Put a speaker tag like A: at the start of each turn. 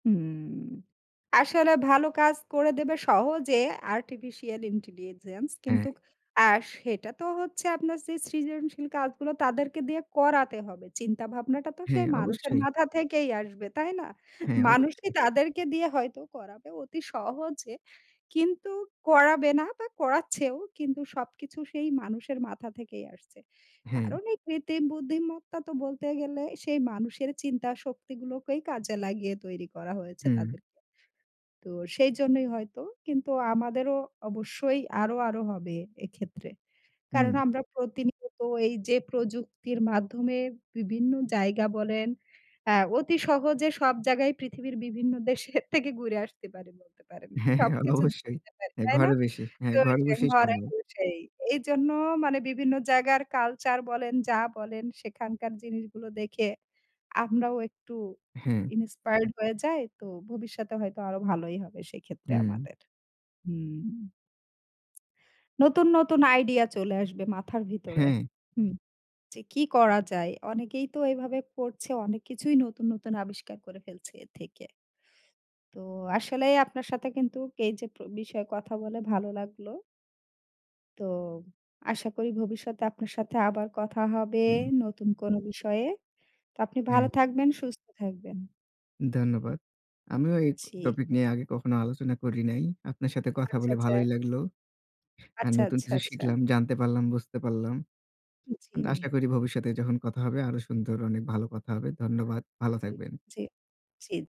A: হুম, আসলে ভালো কাজ করে দেবে সহজে আর্টিফিশিয়াল ইন্টেলিজেন্স।
B: হ্যাঁ।
A: কিন্তু আ সেটা তো হচ্ছে আপনার সেই সৃজনশীল কাজগুলো তাদেরকে দিয়ে করাতে হবে। চিন্তাভাবনাটা তো
B: হ্যাঁ,
A: সেই মানুষের
B: অবশ্যই।
A: মাথা থেকেই আসবে। তাই না?
B: হ্যাঁ,
A: মানুষই
B: অবশ্যই।
A: তাদেরকে দিয়ে হয়তো করাবে অতি সহজে কিন্তু করাবে না বা করাচ্ছেও। কিন্তু সবকিছু সেই মানুষের মাথা থেকেই আসছে।
B: হ্যাঁ।
A: কারণ এই কৃত্রিম বুদ্ধিমত্তা তো বলতে গেলে সেই মানুষের চিন্তা শক্তিগুলোকেই কাজে লাগিয়ে তৈরি করা হয়েছে
B: হুম।
A: তাদেরকে। তো সেইজন্যই হয়তো, কিন্তু আমাদেরও অবশ্যই আরো, আরো হবে এক্ষেত্রে। কারণ,
B: হুম।
A: আমরা প্রতিনিয়ত এই যে প্রযুক্তির মাধ্যমে বিভিন্ন জায়গা বলেন আ অতি সহজে সব জায়গায় পৃথিবীর বিভিন্ন দেশের থেকে ঘুরে আসতে পারি বলতে পারেন। সবকিছু
B: অবশ্যই
A: [unintelligible] পারি।
B: হ্যাঁ
A: তাই না?
B: ,ঘরে বসে হ্যাঁ,
A: তো
B: ঘরে
A: সেই
B: বসেই
A: ঘরে
B: সম্ভব।
A: বসেই। এইজন্য মানে বিভিন্ন জায়গার কালচার বলেন, যা বলেন সেখানকার জিনিসগুলো দেখে আমরাও একটু
B: হ্যাঁ।
A: ইনিন্সপায়ারড হয়ে যাই। তো ভবিষ্যতে হয়তো আরো ভালোই হবে সেক্ষেত্রে
B: হুম।
A: আমাদের। হুম। নতুন, নতুন আইডিয়া চলে আসবে মাথার ভিতরে।
B: হ্যাঁ।
A: হুম। যে কি করা যায়? অনেকেই তো এভাবে করছে, অনেক কিছুই নতুন, নতুন আবিষ্কার করে ফেলছে এ থেকে। তো, আসলে আপনার সাথে কিন্তু এই যে প্র বিষয়ে কথা বলে ভালো লাগলো। তো, আশা করি ভবিষ্যতে আপনার সাথে আবার কথা হবে
B: হুম।
A: নতুন কোন বিষয়ে। তো, আপনি ভালো
B: হ্যাঁ।
A: থাকবেন। সুস্থ থাকবেন।
B: ধন্যবাদ। আমিও এই ক
A: জী।
B: টপিক নিয়ে আগে কখনো আলোচনা করি নাই। আপনার সাথে কথা
A: আচ্ছা,
B: বলে
A: আচ্ছা।
B: ভালোই লাগলো। আর
A: আচ্ছা,
B: নতুন
A: আচ্ছা,
B: কিছু
A: আচ্ছা।
B: শিখলাম, জানতে পারলাম, বুঝতে পারলাম।
A: উ,
B: আশা
A: জী।
B: করি ভবিষ্যতে যখন কথা হবে আরো সুন্দর অনেক ভালো কথা হবে। ধন্যবাদ ভালো
A: জ্বী,
B: থাকবেন।
A: জ্বী, জ্বী।